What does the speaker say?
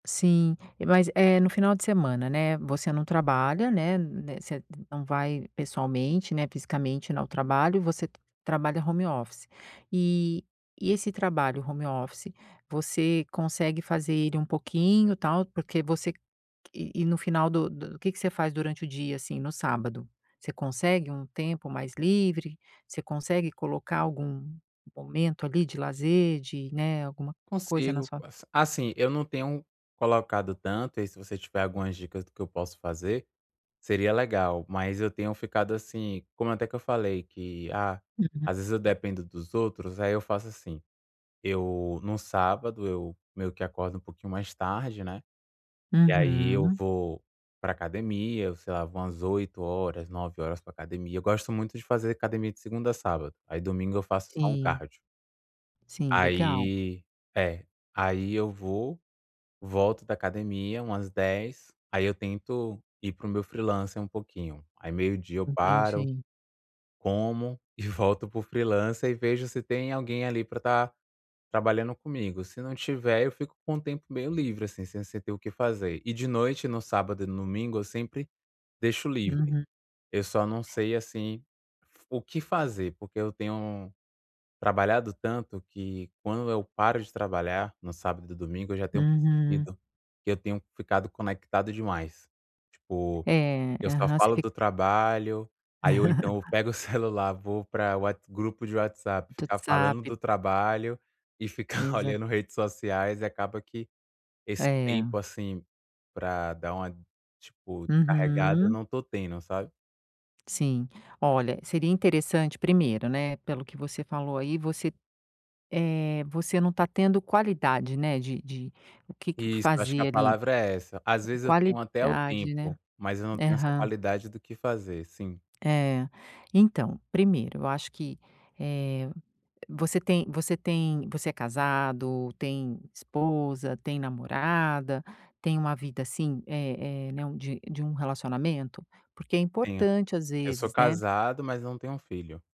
Sim, mas, eh, no final de semana, né, você não trabalha, né né, você não vai pessoalmente, né, fisicamente n ao trabalho, você trabalha home office. E e esse trabalho home office você consegue fazer ele um pouquinho, tal, porque você e e no final do do que que você faz durante o dia, assim, no sábado? Você consegue um tempo mais livre? Você consegue colocar algum momento, ali, de lazer de, né, alguma coisa na Consigo. sua As assim, eu não tenho colocado tanto e aí, se você tiver algumas dicas do que eu posso fazer, seria legal. Mas eu tenho ficado, assim, como até que eu falei que, ah, Uhum. às vezes eu dependo dos outros, aí eu faço assim, eu num sábado eu meio que acordo um pouquinho mais tarde, né, e aí eu Uhum. vou pra academia, eu sei lá, vou umas 8h, 9h pra academia. Eu gosto muito de fazer academia de segunda a sábado, aí domingo eu faço só um Sim. cardio. Sim, legal. Aí é. Aí eu vou, volto da academia umas 10h, aí eu tento ir para o meu freelancer um pouquinho. Aí meio dia eu paro, Entendi. como, e volto para o freelancer e vejo se tem alguém ali pra estar trabalhando comigo, se não tiver, eu fico com o tempo meio livre, assim, sem se ter o que fazer. E de noite, no sábado e no domingo, eu sempre deixo livre. Uhum. Eu só não sei, assim, f o que fazer, porque eu tenho trabalhado tanto que quando eu paro de trabalhar, no sábado e domingo, eu já tenho Uhum. percebido que eu tenho ficado conectado demais. Tipo, É, eu só aham, você falo fica do trabalho, aí ou então eu pego o celular, vou pra What grupo de WhatsApp Do ficar falando WhatsApp. do trabalho e ficar Exa olhando redes sociais, e acaba que esse É. tempo, assim, pra dar uma, tipo, descarregada, eu Uhum. não tô tendo, sabe. Sim. Olha, seria interessante primeiro, né, pelo que você falou aí, você, eh, você não tá tendo qualidade, né, de de o que que Isso, eu acho que a fazer, ali. palavra é essa. Às É vezes eu tenho até o qualidade, né. tempo, mas eu não tenho essa Aham. qualidade do que fazer. Sim. É, então, primeiro eu acho que, eh, você tem você tem você é casado, tem esposa, tem namorada, tem uma vida, assim, eh eh, né, de de um relacionamento? Porque é Tenho. importante, às Eu sou vezes, né. casado, mas não tenho filho.